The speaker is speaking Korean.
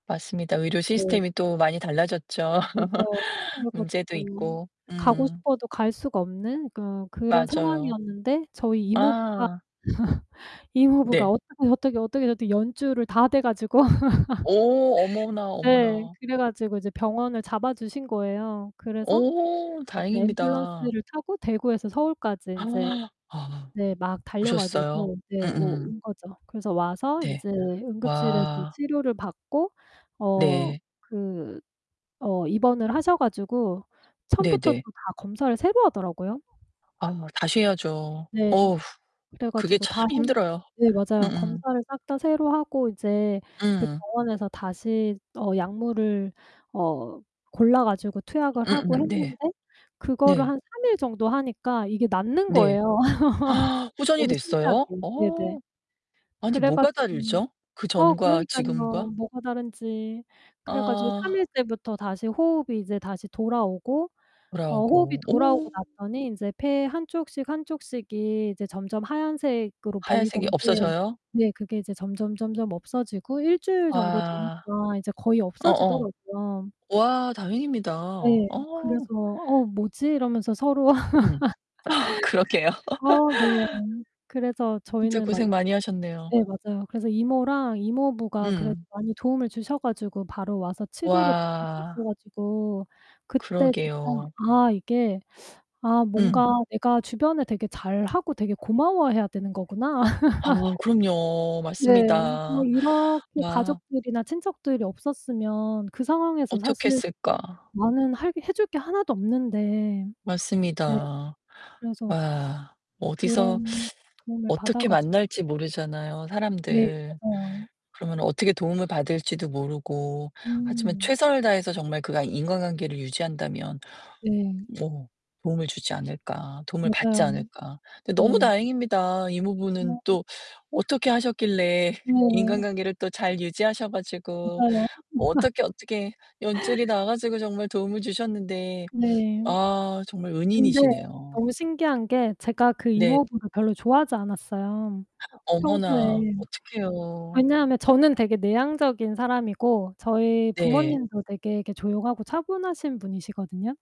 맞습니다. 의료 네. 시스템이 또 많이 달라졌죠. 그죠. 그래 문제도 가지고 있고. 가고 음. 싶어도 갈 수가 없는 그 그런 맞아요. 상황이었는데 저희 이모부가, 아. 이모부가 네. 어떻게, 어떻게, 어떻게, 어떻게 연줄를 다 대 가지고 어 어머나, 네. 어머나. 그래 가지고 이제 병원을 잡아 주신 거예요. 그래서 어, 인제 다행입니다. 앰뷸런스를 타고 대구에서 서울까지 인제 아. 네 막 달려 오셨어요? 가지고 네 오 음음. 온 거죠. 그래서 와서 네. 인제 응급실에서 와. 치료를 받고 어 네. 그 어 입원을 하셔 가지고 처음부터 또 네네. 다 검사를 새로 하더라고요. 아 다시 해야죠. 네. 어후. 그래 그게 가지고 참 다 했 힘들어요. 네, 맞아요. 음음. 검사를 싹 다 새로 하고 이제 그 음. 병원에서 다시 어 약물을 어 골라 가지고 투약을 하고 음음 네. 했는데 그거를 한 네. 3 일 정도 하니까 이게 낫는 네. 거예요. 호전이 너무 신기하게. 됐어요? 네네. 어. 아니, 그래 뭐가 가지고 다르죠? 그 어 전과 지금과? 그러니깐요. 뭐가 다른지. 그래 가지고 3 아. 일째부터 다시 호흡이 이제 다시 돌아오고 어 호흡이 돌아오고. 돌아오고 오. 났더니 인제 폐 한 쪽씩, 한 쪽씩이 이제 점점 하얀색으로 하얀색이 보이던 게 없어져요? 네, 그게 이제 점점점점 없어지고 1 주일 정도 와. 되니까 이제 거의 어어. 없어지더라고요. 와 다행입니다. 어. 예. 그래서 "어 뭐지?" 이러면서 서로 음. 어 그러게요. 어 네. 그래서 진짜 저희는 막 고생 많이 하셨네요. 예. 맞아요. 그래서 이모랑 이모부가 그래도 음. 많이 도움을 주셔 가지고 바로 와서 치료를 받을 수 있어 와. 가지고 그때 진짜 그러게요. '아 이게 아 음. 뭔가 내가 주변에 되게 잘하고 되게 고마워해야 되는 거구나.' 아, 그럼요. 네. 뭐 맞습니다. 이렇게 와. 가족들이나 친척들이 없었으면 그 상황에서 어떻게 사실 했을까. 나는 할 게 해 줄게 하나도 없는데. 네. 맞습니다. 그래서 와, 어디서 그런 도움을 받아 어떻게 가지고 만날지 모르잖아요, 네. 사람들. 맞아요. 그러면 어떻게 도움을 받을지도 모르고. 하지만 음. '최선을 다해서 정말 그 과 인과관계를 유지한다면 네. 뭐 도움을 주지 않을까, 도움을 받지 맞아요. 않을까?' 근데 너무 네. 다행입니다. 이모부는 [unintelligible] 또 어떻게 하셨길래 네. 인간관계를 또 잘 유지하셔 가지고 맞아요. [unintelligible] 어떻게 어떻게 연줄이 나와 가지고 정말 도움을 주셨는데 네. 아 정말 근데 은인이시네요 너무 신기한 게 제가 그 네. 이모부를 별로 좋아하지 않았어요, 평소에. 어머나, 어떡해요. 왜냐하면 저는 되게 내향적인 사람이고 저희 네. 부모님도 되게 이렇게 조용하고 차분하신 분이시거든요.